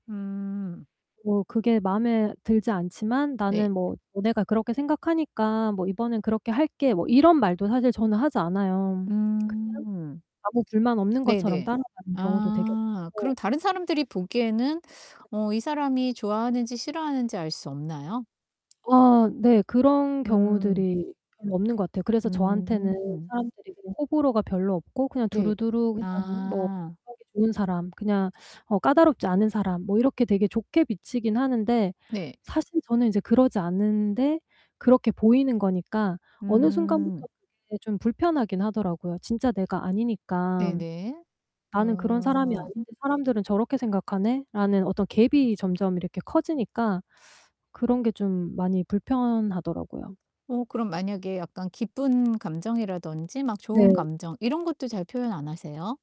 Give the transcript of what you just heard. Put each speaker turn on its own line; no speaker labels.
음.
"뭐 그게 마음에 들지 않지만
네.
나는 뭐 너네가 그렇게 생각하니까 뭐 이번엔 그렇게 할게." 뭐 이런 말도 사실 저는 하지 않아요. 그냥
음.
아무 불만 없는 것처럼
네네.
따라가는 경우도 되게
아
많고
그럼 다른 사람들이 보기에는 어 이 사람이 좋아하는지 싫어하는지 알 수 없나요?
아. 네. 그런
음.
경우들이 별로 없는 것 같아요. 그래서 저한테는
음.
사람들이 그냥 호불호가 별로 없고 그냥
네.
두루두루 그냥 뭐
아.
하기 좋은 사람 그냥 어 까다롭지 않은 사람 뭐 이렇게 되게 좋게 비치긴 하는데
네.
사실 저는 이제 그러지 않은데 그렇게 보이는 거니까 어느
음.
순간부터 그게 좀 불편하긴 하더라고요 진짜 내가 아니니까.
네네.
'나는 그런 사람이
어.
아닌데 사람들은 저렇게 생각하네?'라는 어떤 gap이 점점 이렇게 커지니까 그런 게 좀 많이 불편하더라고요.
어 그럼 만약에 약간 기쁜 감정이라든지 막 좋은
네.
감정 이런 것도 잘 표현 안 하세요?